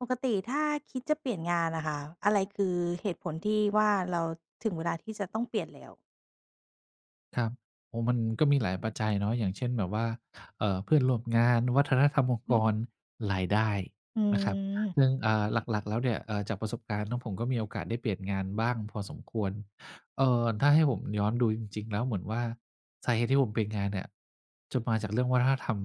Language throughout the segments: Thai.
ปกติถ้าคิดจะเปลี่ยนงานอะค่ะ อะไรคือเหตุผลที่ว่า เราถึงเวลาที่จะต้องเปลี่ยนแล้ว? ครับ โอ้ มันก็มีหลายปัจจัยเนาะ อย่างเช่น แบบว่า เอ่อ เพื่อนร่วมงาน วัฒนธรรมองค์อืกอ ร รายได้อืนะครับ ม ซึ่ง เอ่อ หลัก ๆ แล้วเนี่ย เอ่อ จากประสบการณ์ของผมก็มีโอกาสได้เปลี่ยนงานบ้างพอสมควร เอ่อ ถ้าให้ผมย้อนดูจริง ๆ แล้วเหมือนว่า สาเหตุที่ผมเปลี่ยนงานเนี่ย จะมาจากเรื่องวัฒนธรรม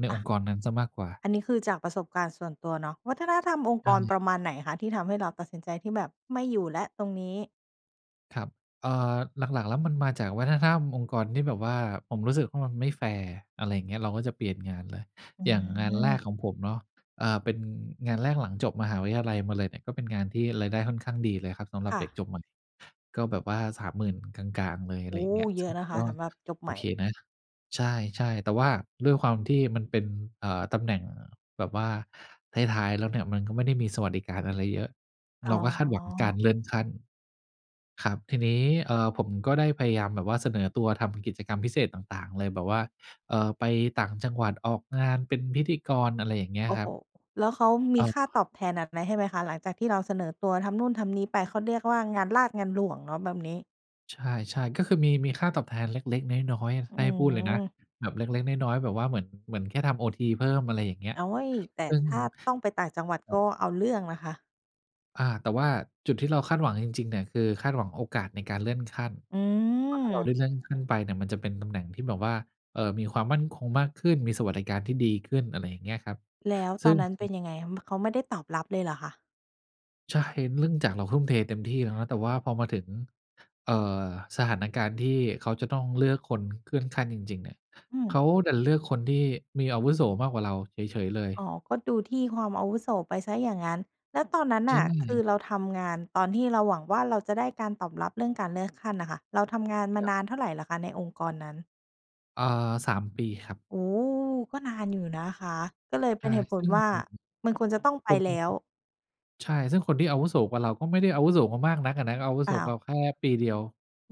ในออะ งค์กรนั้นเสียมากกว่า อันนี้คือจากประสบการณ์ส่วนตัวเนาะ วัฒนธรรมองค์ใชกร่ ประมาณไหนคะ ที่ทำให้เราตัดสินใจที่แบบไม่อยู่แล้วตรงนี้? ครับ เอ่อ หลัก ๆ แล้วมันมาจากวัฒนธรรมองค์กรที่แบบว่า ผมรู้สึกว่ามันไม่แฟร์ อะไรเงี้ย เราก็จะเปลี่ยนงานเลย อือย่างงานแรกม ของผมเนาะ อ่า เป็นงานแรกหลังจบมหาวิทยาลัยมาเลยเนี่ย ก็เป็นงานที่รายได้ค่อนข้างดีเลยครับสำหรคับ่เด็กจะ บใหม่ ก็แบบว่า 30,000 กลาง ๆ เลย โอะอไ้! รอย่างเงี้ย เยอซึ่ะงนะคกะ็ สำหรับจบใโอหม่ เคนะ ใช่ ๆ แต่ว่าด้วยความที่มันเป็น เอ่อ ตำแหน่งแบบว่าท้าย ๆ แล้วเนี่ย มันก็ไม่ได้มีสวัสดิการอะไรเยอะ อเ๋ราก็คาดหวังกาอ รเลื่อนขั้นครับ ทีนี้ เอ่อ ผมก็ได้พยายมแบบว่าเสนอตัวทำกิจกรรมพิเศษต่าง ๆ เลยแบบว่า เอ่อ ไปต่างจังหวัด ออกงานเป็นพิธีกร อะไรอย่างเงี้โยอ้ครโฮ! ับ แล้วเขามเีอ่อ ค่าตอบแทนแบบไหนให้ไหมคะ? หลังจากที่เราเสนอตัวทำนู่นทำนี่ไป เขาเรียกว่า งานราษฎร์งานหลวงเนาะแบบนี้ ใช่ ๆ ก็คือมี มีค่าตอบแทนเล็ก ๆ น้อย อืๆ ถ้าให้พูดเลยนะ ม แบบเล็ก ๆ น้อย ๆ แบบว่าเหมือน เหมือนแค่ทำโอทีเพิ่ม อะไรอย่างเงี้ย โอ๊ย แต่ซึ่ง ถ้าต้องไปต่างจังหวัดครัก็บ เอาเรื่องนะคะ อ่า แต่ว่าจุดที่เราคาดหวังจริง ๆ เนี่ยคือคาดหวังโอกาสในการเลื่อนขั้น อืเพราะถ้าเราไดม ้เลื่อนขั้นไปเนี่ยมันจะเป็นตำแหน่งที่แบบว่า เอ่อ มีความมั่นคงมากขึ้น มีสวัสดิการที่ดีขึ้น อะไรอย่างเงี้ยครับ แล้วซตึ่อง นนั้นเอ ป็นยังไงคะ เขาไม่ได้ตอบรับเลยเหรอคะ? ใช่ เนื่องจากเราทุ่มเทเต็มที่แล้วนะ แต่พอมาถึง เอ่อ สถานการณ์ที่เขาจะต้องเลือกคนเลื่อนขั้นจริง ๆ เนี่ย อืม เขาดันเลือกคนที่มีอาวุโสมากกว่าเราเฉย ๆ เลย อ๋อ ก็ดูที่ความอาวุโสไปเสียอย่างงั้น แล้วตอนนั้นใชน่ะ คือ่ เราทำงานตอนที่เราหวังว่า เราจะได้การตอบรับเรื่องการเลือกขั้นน่ะค่ะ เราทำงานมาครนับ านเท่าไรเหรอคะ ในองค์กรนั้น? เอ่อ 3 ปีครับ โอ้ ก็นานอยู่นะคะ ก็เลยเใชป็่ นเหตุผซลึ่ง ว่า มันควรจะต้องไปคน แล้ว ใช่ ซึ่งคนที่อาวุโสกว่าเราก็ไม่ได้อาวุโสกว่ามากนักอะนะ ก็อาวุเปโสล่กวา ่าแค่ปีเดียว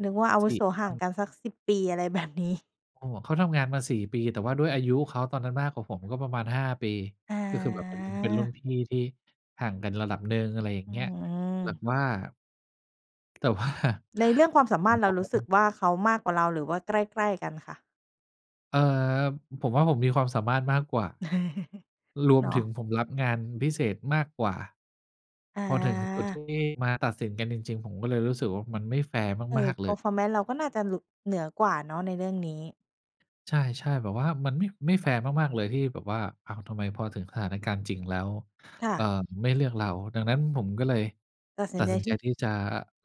นึกว่าอาวสุี่ โสคห่รัางบ กันสัก 10 ปี อะไร แบบ นี้ โอ้ เขาทำงานมา 4 ปี แต่ว่าด้วยอายุเขาตอนนั้นมากกว่าผมก็ประมาณ 5 ปี ก็คือแบบเป็นรุ่น เป็นรุ่นอา พี่ที่ห่างกันระดับหนึ่ง อะไรอย่าองืเงี้ย แบบม ว่า แต่ว่า ในเรื่องความสามารถ เรารู้สึกว่า เขามากกว่าเราหรือว่าใกล้ ๆ กันคะ? เอ่อ ผมว่าผมมีความสามารถมากกว่า รวเมนาถึงะ ผมรับงานพิเศษมากกว่า อพอถึงจุดทา ี่มาตัดสินกันจริง ๆ ผมก็เลยรู้สึกว่ามันไม่แฟร์เอมอ าก ๆ เลย Performance เราก็น่าจะหลุด เหนือกว่าเนาะในเรื่องนี้ ใช่ ๆ แบบว่ามันไม่ ไม่แฟร์มาก ๆ เลยที่แบบว่า อ้าว ทำไมพอถึงสถานการณ์จริงแล้ว ค่เอะ ่อ ไม่เลือกเรา ดังนั้นผมก็เลยตัดสิตนัดใจสินทใจี่ ที่จะ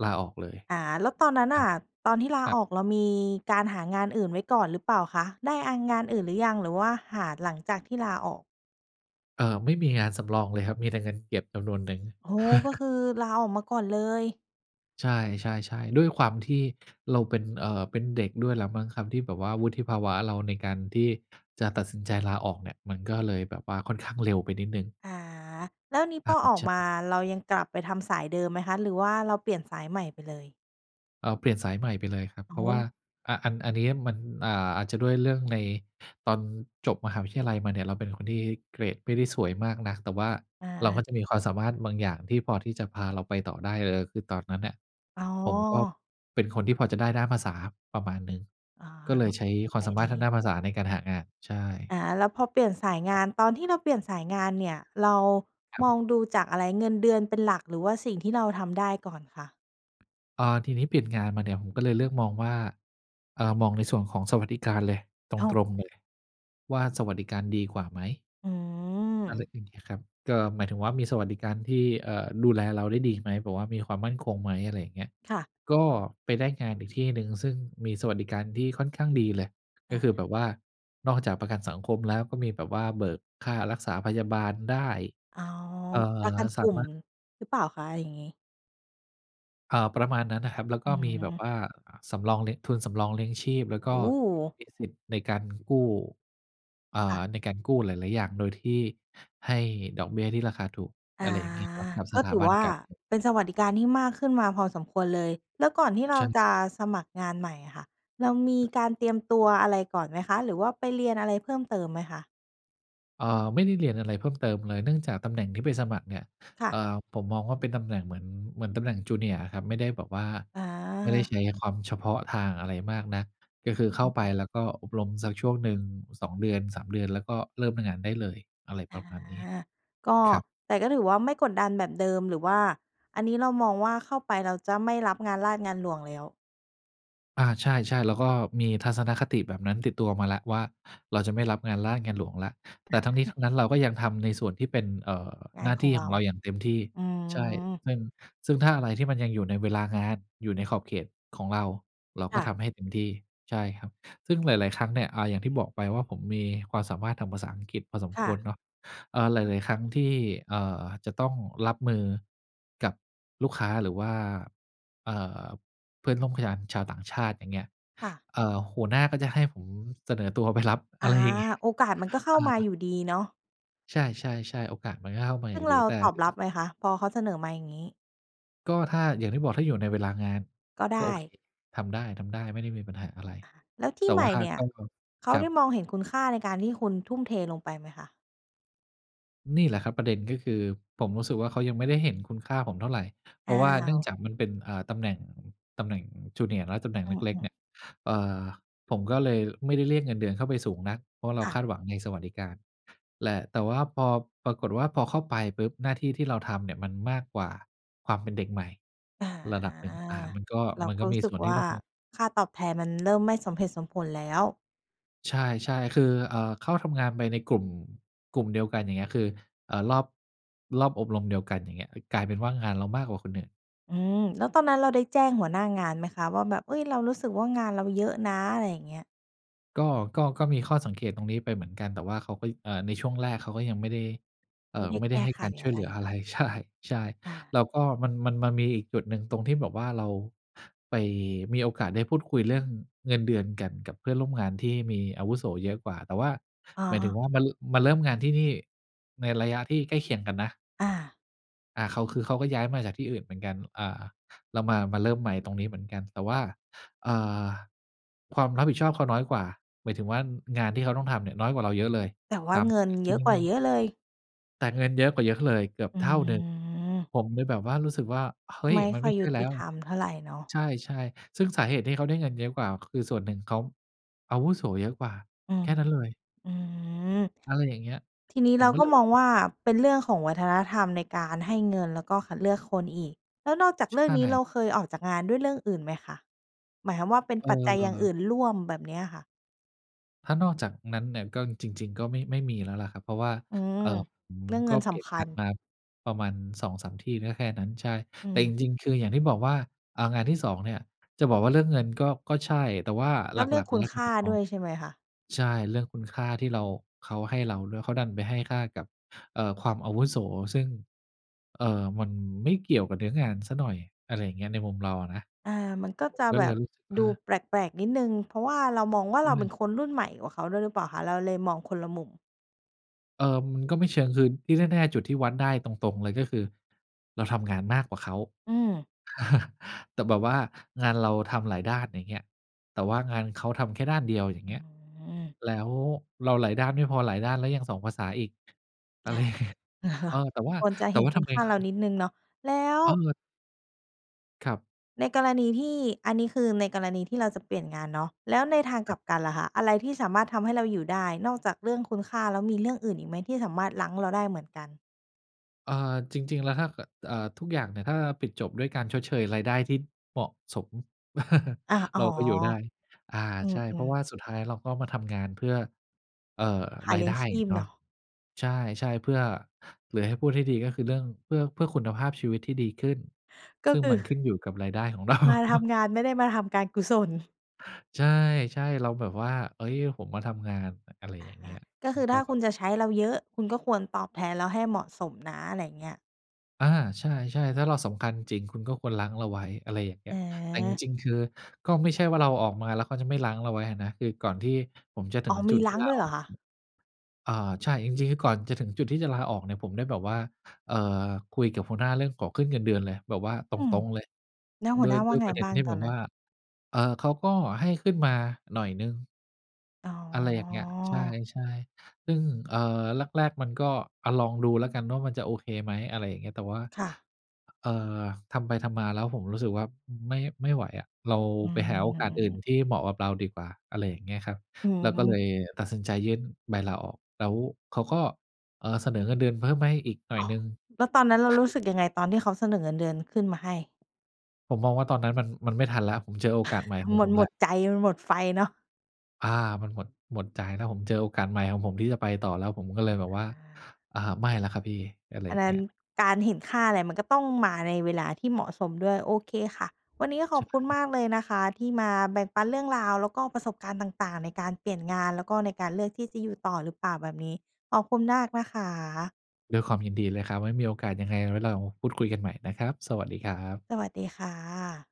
ลาออกเลย อา แล้วตอนนั้นคนรั่บ ะ ตอนที่ลคารับ ออกเรามีการหางานอื่นไว้ก่อนหรือเปล่าคะ ได้อา งานอื่นหรือยัง หรือว่าหาหลังจากที่ลาออก? เอ่อ ไม่มีงานสำรองเลยครับ มีแต่เงินเก็บจำนวนหนึ่ง โอ้โฮ ก็คือลาออกมาก่อนเลย ใช่ ๆ ๆ ด้วยความที่เราเป็น เอ่อ เป็นเด็กด้วยแหละมั้งครับ ที่แบบว่า วุฒิภาวะเราในการที่จะตัดสินใจลาออกเนี่ย มันก็เลยแบบว่าค่อนข้างเร็วไปนิดหนึ่ง อา แล้วนี้อพา อออใกชมา่ เรายังกลับไปทำสายเดิมไหมคะ หรือว่าเราเปลี่ยนสายใหม่ไปเลย? เอ่อ เปลี่ยนสายใหม่ไปเลยครับ อเ๋พราะว่า อ อ่า อัน อันนี้มัน อ่า อาจจะด้วยเรื่องในตอนจบมหาวิทยาลัยมาเนี่ยเราเป็นคนที่เกรดไม่ได้สวยมากนัก แต่ว่าอเราก็า จะมีความสามารถบางอย่างที่พอที่จะพาเราไปต่อได้เลย คือตอนนั้นเนี่ยอ๋อ ผมก็เป็นคนที่พอจะได้ด้านภาษาประมาณหนึ่ง อ๋อก็เลแบยบ ใช้อคะวไาร มสามารงถีท้ างด้านภาษาในการหางาน ใช่ อ่า แล้วพอเปลี่ยนสายงคราับ น ตอนที่เราเปลี่ยนสายงานเนี่ยเราครัมอบ งดูจากอะไร เงินเดือนเป็นหลัก หรือว่าสิ่งที่เราทำได้ก่อนค่ะ? เออ ทีนี้เปลี่ยนงานมาเนี่ยผมก็เลยเลือกมองว่า เอ่อ มองในส่วนของสวัสดิการเลย ตอ๋อ รง ๆ เลย ว่าสวัสดิการดีกว่าไหม? อือะไรม อย่างงี้ครับ ก็หมายถึงว่ามีสวัสดิการที่ เอ่อ ดูแลเราได้ดีไหม แบบว่ามีความมั่นคงไหม อะไรอย่างเงี้ย ค่ะ ก็ไปได้งานอีกที่หนึ่งซึ่งมีสวัสดิการที่ค่อนข้างดีเลย อก็คา ือแบบว่านอกจากประกันสังคมแล้วก็มีแบบว่าเบิกค่ารักษาพยาบาลได้ อ๋อ เอ่อ ประกันสกาลุ่มมารถ หรือเปล่าคะอย่างนี้? อ่า ประมาณนั้นน่ะครับ แล้วอกื็อฮมีแบบึ ว่า อ่า สำรองเลี้ยง ทุนสำรองเลี้ยงชีพ แล้วกโ็อ้โฮ มีสิทธิ์ในการกู้ อ่า ค่ะ ในการกู้หลาย ๆ อย่างโดยที่ให้ดอกเบี้ยที่ราคาถูก ออะา ไรอย่างนี้ครับ กับกส็ถาถือบัวน่าการเงิน เป็นสวัสดิการที่มากขึ้นมาพอสมควรเลย แล้วก่อนที่เรใชาจะ่ สมัครงานใหม่อะค่ะ เรามีการเตรียมตัวอะไรก่อนไหมคะ? หรือว่าไปเรียนอะไรเพิ่มเติมไหมคะ? เอ่อ ไม่ได้เรียนอะไรเพิ่มเติมเลย เนื่องจากตำแหน่งที่ไปสมัครเนี่ย ค่เะ อ่อ ผมมองว่าเป็นตำแหน่งเหมือน เหมือนตำแหน่ง Junior อะครับ ไม่ได้แบบว่า อไม่ได้า ใช้ความเฉพาะทางอะไรมากนัก ก็คือเข้าไปแล้วก็อบรมสักช่วงหนึ่ง 2 เดือน 3 เดือน แล้วก็เริ่มทำงานได้เลย อะไรอปา ระมาณนี้ ก็ ครับ แต่ก็ถือว่าไม่กดดันแบบเดิม หรือว่าอันนี้เรามองว่าเข้าไปเราจะไม่รับงานราษฎร์งานหลวงแล้ว อา ใช่ ๆ แล้วก็มีทัศนคติแบบนั้นติดตัวมาแล้วว่า เราจะไม่รับงานราชงานหลวงแล้ว แต่ทั้งนี้ทั้งนั้นเราก็ยังทำในส่วนที่เป็น เอ่อ งาหนน้าขทอีง่เรขา องเราอย่างเต็มที่ อืใช่ ม ซึ่ง ซึ่งถ้าอะไรที่มันยังอยู่ในเวลางาน อยู่ในขอบเขตของเรา เราคก่็ะ ทำให้เต็มที่ ใช่ครับ ซึ่งหลาย ๆ ครั้งเนี่ย อา อย่างที่บอกไปว่า ผมมีความสามารถทางภาษาอังกฤษพอสมคค่วระ เนาะ เออ หลาย ๆ ครั้งที่ เอ่อ จะต้องรับมือ กับลูกค้าหรือว่า เอ่อ เพื่อนร่วม ข ยานชาวต่างชาติ อย่างเงี้ย ค่ะ เอ่อ หัวหน้าก็จะให้ผมเสนอตัวไปรับ ออา ะไรอย่างงี้ โออกาสมันก็เข้ามาอา ยู่ดีเนาะ ใช่ ๆ ๆ โอกาสมันก็เข้ามาซึอยู่ง่เดรี าแต่ ตอบรับไหมคะ? พอเขาเสนอมาอย่างงี้ ก็ถ้า อย่างที่บอกถ้าอยู่ในเวลางาน ก็ไกด็โอเค ้ ทำได้ ๆ ไม่ได้มีปัญหาอะไร อะฮะ แล้วทีแต่่ใหมว่่าเนี่ย ก็ ก็ เขคารัได้บ มองเห็นคุณค่าในการที่คุณทุ่มเทลงไปไหมคะ? นี่แหละครับประเด็น ก็คือผมรู้สึกว่า เขายังไม่ได้เห็นคุณค่าผมเท่าไร เอพ้าราะว่าเนื่องว จากมันเป็น อ่า ตำแหน่ง ตำแหน่ง junior เนาะ ตำแหน่งอเืล็ก ๆ เม นๆ ี่ย เอ่อ ผมก็เลยไม่ได้เรียกเงินเดือนเข้าไปสูงนัก เพราะเราค่ะ คาดหวังในสวัสดิการ แหละ แต่ว่าพอ ปรากฏว่าพอเข้าไปปุ๊บ หน้าที่ที่เราทำเนี่ยมันมากกว่าความเป็นเด็กใหม่อา ระดับหนึ่ง อ่า มันก็ เรา มันก็ก็รูม้ีสึส่กวนทีว่่า ต้อง ค่าตอบแทนมัน เริ่มไม่สมเหตุสมผลแล้ว ใช่ ๆ คือ เอ่อ เข้าทำงานไปในกลุ่ม กลุ่มเดียวกัน อย่างเงี้ย คือ เอ่อ รอบ รอบอบรมเดียวกัน อย่างเงี้ย ค กลายเป็นว่างานเรามากกว่าคนอื่น อืม แล้วตอนนั้นเราได้แจ้งหัวหน้างานไหมคะว่าแบบ เอ๊ย! เรารู้สึกว่างานเราเยอะนะ อะไรอย่างเงี้ย? ก็ ก็ ก็มีข้อสังเกตตรงนี้ไปเหมือนกัน แต่ว่าเขาก็ เอ่อ ในช่วงแรกเขาก็ยังไม่ได้ เอไม่่อ ได้ไม่แไกด้้ให้ไขการชอ่ะวยไเรหลืออเะนไาร ะ ใช่ ใช่ อา แล้วก็มัน มัน มันมีอีกจุดหนึ่งตรงที่แบบว่า เรา ไป มีโอกาสได้พูดคุยเรื่องเงินเดือนกันกับเพื่อนร่วมงานที่มีอาวุโสเยอะกว่า แต่ว่า อ๋หมายถึงอ ว่ามัน มาเริ่มงานที่นี่ในระยะที่ใกล้เคียงกันนะ อา อ่า เขาคือ เขาก็ย้ายมาจากที่อื่นเหมือนกัน อ่า เรามา มาเริ่มใหม่ตรงนี้เหมือนกัน แต่ว่า เอ่อ ความรับผิดชอบเขาน้อยกว่า หมายถึงว่างานที่เขาต้องทำเนี่ย น้อยกว่าเราเยอะเลย แต่วท่าเงินำเทยี่อะนู่กนว่านั่น เยอะเลย! แต่เงินเยอะกว่าเยอะเลย เกือบอืเท่าหนึ่ง อ ผมเลยแบบว่ารู้สึกว่า "เฮ้ไย! ม่มัคนไ่อม่ยใยชุ่แลต้ิว" ธรรมเท่าไรเนาะ ใช่ ๆ ซึ่งสาเหตุที่เขาได้เงินเยอะกว่า คือส่วนหนึ่งเขา อาวุโสเยอะกว่าอืแม ค่นั้นเลย อือ อะไรอย่างเงี้ย ทีนี้ผเรมาก็กเ็ลยมแบอบ งว่า เป็นเรื่องของวัฒนธรรมในการให้เงิน แล้วก็คัดเลือกคนอีก แล้วนอกจากช เรื่ใองชนี้เร่ าเคยออกจากงานด้วยเรื่องอื่นไหมคะ? หมายความว่าเป็นเปัจจัยอย่างอออ ื่นร่วม แบบเนี้ยค่ะ? ถ้านอกจากนั้นเนี่ย ก็จริง ๆ ก็ไม่ ไม่มีแล้วแหละครับ เพราะว่า อืม เอ่อ ผมเรื่องเกงิ็นเสปลี่ยนำคังาญ นมาประมาณ 2-3 ที่ก็แค่นั้น ใช่ อืแต่จม ริง ๆ คืออย่างที่บอกว่า อา งานที่ 2 เนี่ยจะบอกว่าเรื่องเงินก็ ก็ใช่ แต่ว่าแลห้ลวเรื่อังก คๆ แุล้ณวคผ่ามมดอ้ง วยใช่ไหมคะ? ใช่ เรื่องคุณค่าที่เรา เขาให้เราด้วย เขาดันไปให้ค่ากับ เอ่อ ความอาวุโส ซึ่ง เอ่อ มันไม่เกี่ยวกับเนื้องานเสียหน่อย อะไรอย่างเงี้ย ในมุมเราอะนะ อา มันก็จะก็แบเลยบรู้สึกวด่า ูแปลก ๆ นิดหนึ่ง เพราะว่าเรามองว่า อเราเป็ืม นคนรุ่นใหม่กว่าเขาด้วยหรือเปล่าคะ? เราเลยมองคนละมุม เออ มันก็ไม่เชิง คือที่แน่ ๆ จุดที่วัดได้ตรง ๆ เลยก็คือเราทำงานมากกว่าเขา อืม แต่แบบว่างานเราทำหลายด้าน อย่างเงี้ย แต่ว่างานเขาทำแค่ด้านเดียว อย่างอเืง้ีอ้ย ฮือ แล้วเราหลายด้านไม่พอ หลายด้านแล้วยัง 2 ภาษาอีก อะไรอยเห่างเงี้ย รอคเะ? ออ แต่ว่า ควรจะแตเ่ห็นว่าคทุณำไมค่าคเืรานอ ิดหนึ่งเนาะ แล้ว เออ ครับ ในกรณีที่ อันนี้คือในกรณีที่เราจะเปลี่ยนงานเนาะ แล้วในทางคกรลับ ับกันล่ะคะ อะไรที่สามารถทำให้เราอยู่ได้? นอกจากเรื่องคุณค่าแล้วมีเรื่องอื่นอีกไหม? ที่สามารถรั้งเราได้เหมือนกัน เอ่อ จริง ๆ แล้ว ถ้าเกิด เอ่อ ทุกอย่างเนี่ยถ้าปิดจบด้วยการชดเชยรายได้ที่เหมาะสม อา อ๋เอ ราก็อยู่ได้ อ่า อืใช่ เพราม ะวๆ ่าสุดท้ายเราก็มาทำงานเพื่อ เอ่อ หาราเลยี้ยไดง้ชีพเนาเนะ าะ ใช่ ๆ เพื่อ หรือให้พูดให้ดี ก็คือเรื่องเพื่อ เพื่อคุณภาพชีวิตที่ดีขึ้น ก็ซึ่งคืมอ ันขึ้นอยู่กับรายได้ของ เรา มาทำงานไม่ได้มาทำการกุศล ใช่ ๆ เราแบบว่า เฮ้ย ผมมาทำงาน อะไรออะย่างฮเงี้ะ ย ก็มคัืนอกถ้็ าคุณจะใช้เราเยอะ คุณก็ควรตอบแทนเราให้เหมาะสมนะ อะไรอย่างเงี้ย อา ใช่ ๆ ถ้าเราสำคัญจริง คุณก็ควรรั้งเราไว้ อะไรอย่างเงี้ย แต่จอา ริง ๆ คือก็ไม่ใช่ว่าเราออกมาแล้วเขาจะไม่รั้งเราไว้อะนะ คือก่อนที่ผมจะถึอ๋อ งมจีุดทรีั่้งลาด้วยเอหอรก อคะ? อ่า ใช่ จริง ๆ นี้ก่อนจะถึงจุดที่จะลาออกเนี่ยผมได้แบบว่า เอ่อ คุยกับหัวหน้าเรื่องขอขึ้นเงินเดือนเลย แบบว่าตอืม รง ๆ เลย แล้วหดั้ววหนย ้าวด่้าวยไงประเด็บน้าทงี่ตแอบนบนัว้่น? า เออ เขาก็ให้ขึ้นมาหน่อยหนึ่ง อ๋อะไรอย่างเงี้ย ใอ ช่ ๆ ซึ่ง เอ่อ แรก ๆ มันก็ อะ ลองดูแล้วกันว่ามันจะโอเคไหม? อะไรอย่างเงี้ย แต่ว่า ค่ะ เอ่อ ทำไปทำมาแล้วผมรู้สึกว่าไม่ ไม่ไหวอะ เราอืไปหาโอกาสอื่นม ที่เหมาะกับเราดีกว่า อะไรอย่างเงี้ยครับ อืแล้วก็เลม ยตัดสินใจยื่นใบลาออก แล้วเขาก็ เออ เสนอเงินเดือนเพิ่มให้อีกหน่อยหนึ่ง แล้วตอนนั้นเรารู้สึกยังไง? ตอนที่เขาเสนอเงินเดือนขึ้นมาให้ ผมมองว่าตอนนั้นมัน มันไม่ทันแล้ว ผมเจอโอกาสใหม่ของมัผนมหมแล้ว ดใจมันหมดไฟเนาะ อา มันหมด หมดใจแล้ว ผมเจอโอกาสใหม่ของผมที่จะไปต่อแล้ว ผมก็เอลึยบ แบอบะ ว่า อา อ่า "ไม่แล้วครับพี่" อะไรอัอนย่านงัเ้งน ี้ย การเห็นค่าอะไรมันก็ต้องมาในเวลาที่เหมาะสมด้วย โอเคค่ะ วันนี้ก็ขใชอบคุณ่ มากเลยนะคะ ที่มาแบ่งปันเรื่องราว แล้วก็ประสบการณ์ต่าง ๆ ในการเปลี่ยนงาน แล้วก็ในการเลือกที่จะอยู่ต่อหรือเปล่าแบบนี้ ขอบคุณมากนะคะ ด้วยความยินดีเลยครับ ไว้มีโอกาสยังไงไว้เราพูด คุยกันใหม่นะครับ สวัสดีครับ สวัสดีค่ะ